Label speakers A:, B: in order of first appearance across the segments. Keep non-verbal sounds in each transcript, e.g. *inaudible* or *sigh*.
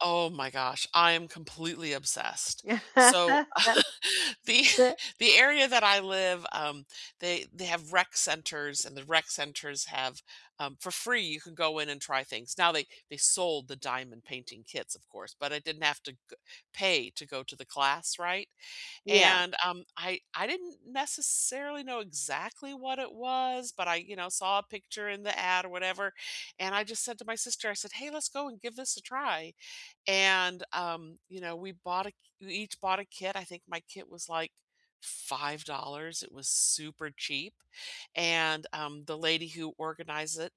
A: Oh, my gosh, I am completely obsessed, so, *chuckles* the *chuckles*
B: *laughs*
A: the area that I live, um, they they have rec centers, and the rec centers have, um for free, you can go in and try things. Now, they they sold the diamond painting kits, of course, but I didn't have to go pay to go to the class, right,
B: Yeah.
A: and, um, I I didn't necessarily know exactly what it was, but I, you know, saw a picture in the ad, or whatever, and I just said to my sister, I said, "Hey, let's go, and give this a try," and, um, you know, we bought a ki we each bought a kit. I think my kit was like $5, it was super cheap, and, um, the lady who organized it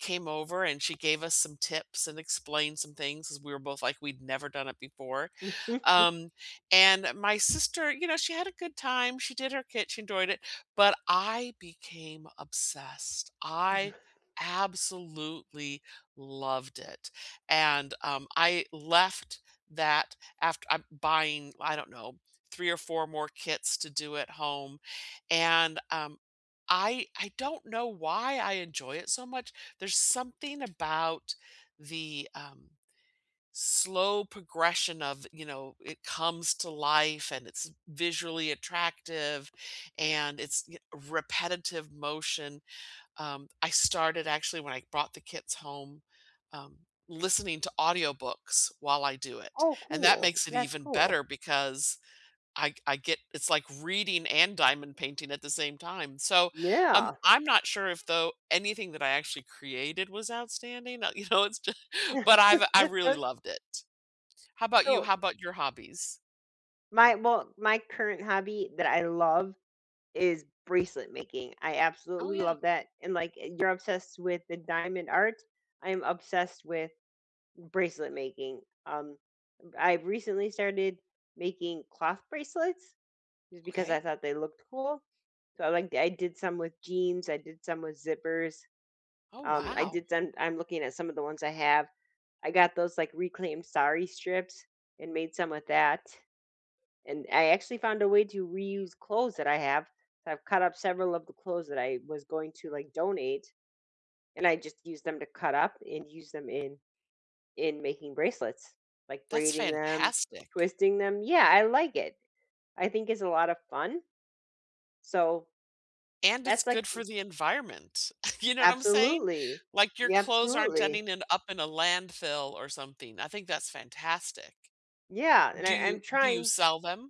A: came over, and she gave us some tips, and explained some things, 'cause we were both like we'd never done it before.
B: *chuckles*
A: Um, and my sister, you know, she had a good time, she did her kit, she enjoyed it, but I became obsessed. I
B: *chuckles*
A: absolutely loved it, and, um, I left that aft uh, buying, I don't know, 3 or 4 more kits to do at home, and, um, I I don't know why I enjoy it so much, there's something about the, um, slow progression of, you know, it comes to life, and it's visually attractive, and it's, yo repetitive motion, um, I started actually when I brought the kits home, um, listening to audiobooks while I do it,
B: Oh
A: and that
B: cool,
A: makes it
B: that's
A: even
B: cool.
A: better because I g I get it's like reading and diamond painting at the same time. So, um,
B: Yeah.
A: I'm not sure if, though, anything that I actually created was outstanding, uh, you know, it's ju but I've I've really
B: *laughs*
A: loved it. How 'bout you?
B: So
A: How 'bout your hobbies?
B: My well, my current hobby that I love is bracelet making. I
A: Oh,
B: absolutely
A: yeah.
B: love that, and, like, you're obsessed with the diamond art, I am obsessed with bracelet making. Um, uh, I've recently started making cloth bracelets, just because I
A: Okay.
B: thought they looked cool. So, I like I did some with jeans, I did some with zippers.
A: Oh,
B: Um, I
A: wow.
B: did some I'm looking at some of the ones I have. I got those, like, reclaimed sari strips, and made some with that, and, I actually found a way to reuse clothes that I have, so I've cut up several of the clothes that I was going to, like, donate, and I just use them to cut up, and use them in in making bracelets, like,
A: That's
B: braiding them,
A: fantastic.
B: twisting them yeah, I like it. I think it's a lotta fun so,
A: And, it's
B: that's like
A: good for the environment. *chuckles* You know what I'm saying?
B: Absolutely,
A: Like, your
B: y
A: clothes aren't
B: absolutely.
A: ending in up in a landfill, or something. I think that's fantastic.
B: Yeah,
A: W
B: and
A: do
B: I I'm
A: you do you
B: trying
A: sell them?